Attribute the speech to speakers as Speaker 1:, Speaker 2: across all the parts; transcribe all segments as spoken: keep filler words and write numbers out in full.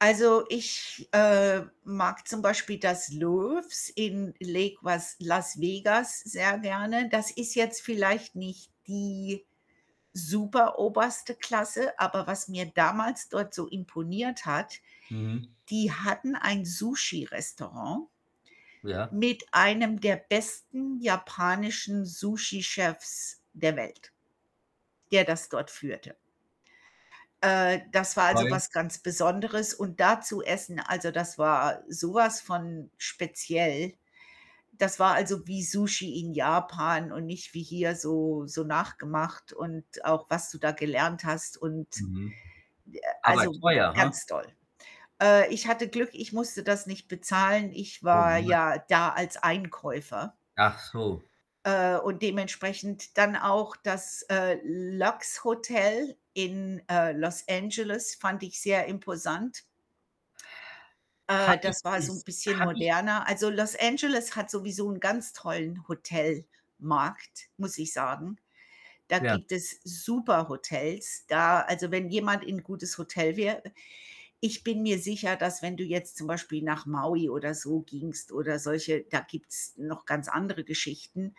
Speaker 1: Also, ich, äh, mag zum Beispiel das Loews in Lake was Las Vegas sehr gerne. Das ist jetzt vielleicht nicht die superoberste Klasse, aber was mir damals dort so imponiert hat,
Speaker 2: Mhm.
Speaker 1: die hatten ein Sushirestaurant
Speaker 2: Ja.
Speaker 1: mit einem der besten japanischen Sushi-Chefs der Welt, der das dort führte. Äh, das war, also,
Speaker 2: Weil?
Speaker 1: was ganz Besonderes und da zu essen, also, das war so was von speziell. Das war, also, wie Sushi in Japan und nicht wie hier so so nachgemacht und auch, was du da gelernt hast und,
Speaker 2: Mhm.
Speaker 1: äh
Speaker 2: Aber
Speaker 1: also,
Speaker 2: teuer, ha?
Speaker 1: ganz toll. Äh, ich hatte Glück, ich musste das nicht bezahlen. Ich
Speaker 2: Oh,.
Speaker 1: war
Speaker 2: [unintelligible]
Speaker 1: ja da als Einkäufer.
Speaker 2: Achso.
Speaker 1: Äh, und dementsprechend dann auch das, äh, Lox Hotel in, äh, Los Angeles, fand ich sehr imposant.
Speaker 2: Habe
Speaker 1: Äh,
Speaker 2: ich
Speaker 1: das war so 'n
Speaker 2: es
Speaker 1: bisschen
Speaker 2: habe ich
Speaker 1: moderner also, Los Angeles hat sowieso 'n ganz tollen Hotelmarkt, muss ich sagen. Da
Speaker 2: Ja.
Speaker 1: gibt es super Hotels. Da also, wenn jemand in gutes Hotel wäre ich bin mir sicher, dass wenn du jetzt zum Beispiel nach Maui oder so gingst oder solche da gibt's noch ganz andere Geschichten.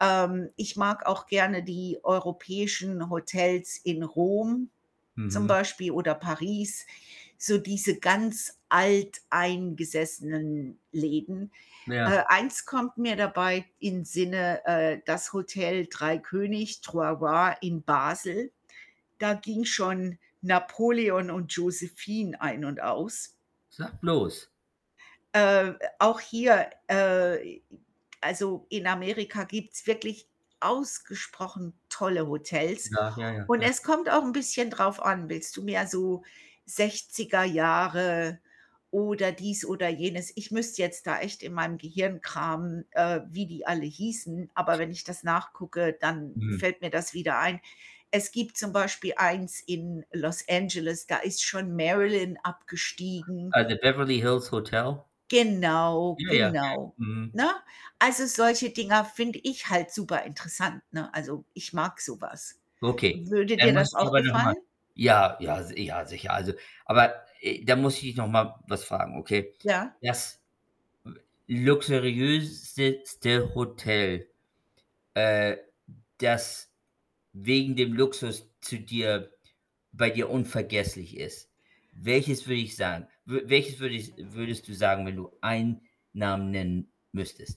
Speaker 1: Ähm, ich mag auch gerne die europäischen Hotels in Rom zum
Speaker 2: Mhm.
Speaker 1: Beispiel oder Paris, so diese ganz alteingesessenen Läden. Äh,
Speaker 2: Ja.
Speaker 1: eins kommt mir dabei in Sinne, äh, das Hotel Drei König, Trois Rois in Basel. Da ging schon Napoleon und Josephine ein und aus.
Speaker 2: Sag bloß.
Speaker 1: Äh, auch hier, äh also, in Amerika gibt's wirklich ausgesprochen tolle Hotels.
Speaker 2: Ja. Ja, ja.
Speaker 1: Und
Speaker 2: Ja.
Speaker 1: es kommt auch 'n bisschen drauf an, willst du mehr so Sechziger Jahre oder dies oder jenes? Ich müsste jetzt da echt in meinem Gehirn kramen, äh, wie die alle hießen, aber wenn ich das nachgucke, dann
Speaker 2: Mhm.
Speaker 1: fällt mir das wieder ein. Es gibt zum Beispiel eins in Los Angeles, da ist schon Marilyn abgestiegen.
Speaker 2: Ah, the Beverly Hills Hotel?
Speaker 1: Genau,
Speaker 2: Ja, ja. Ja.
Speaker 1: genau,
Speaker 2: Mhm.
Speaker 1: ne? Also, solche Dinger finde ich halt superinteressant, ne also, ich mag so was.
Speaker 2: Okay.
Speaker 1: Würde
Speaker 2: Dann
Speaker 1: dir
Speaker 2: muss
Speaker 1: das
Speaker 2: ich dich
Speaker 1: auch
Speaker 2: aber noch mal
Speaker 1: gefallen?
Speaker 2: Ja, ja, si ja, sicher. Also aber, äh, da muss ich dich noch mal was fragen, okay?
Speaker 1: Ja?
Speaker 2: Das luxuriösezte Hotel, äh, das wegen dem Luxus zu dir bei dir unvergesslich ist, welches würde ich sagen? W welches würde ich würdest du sagen, wenn du einen Namen nennen müsstest?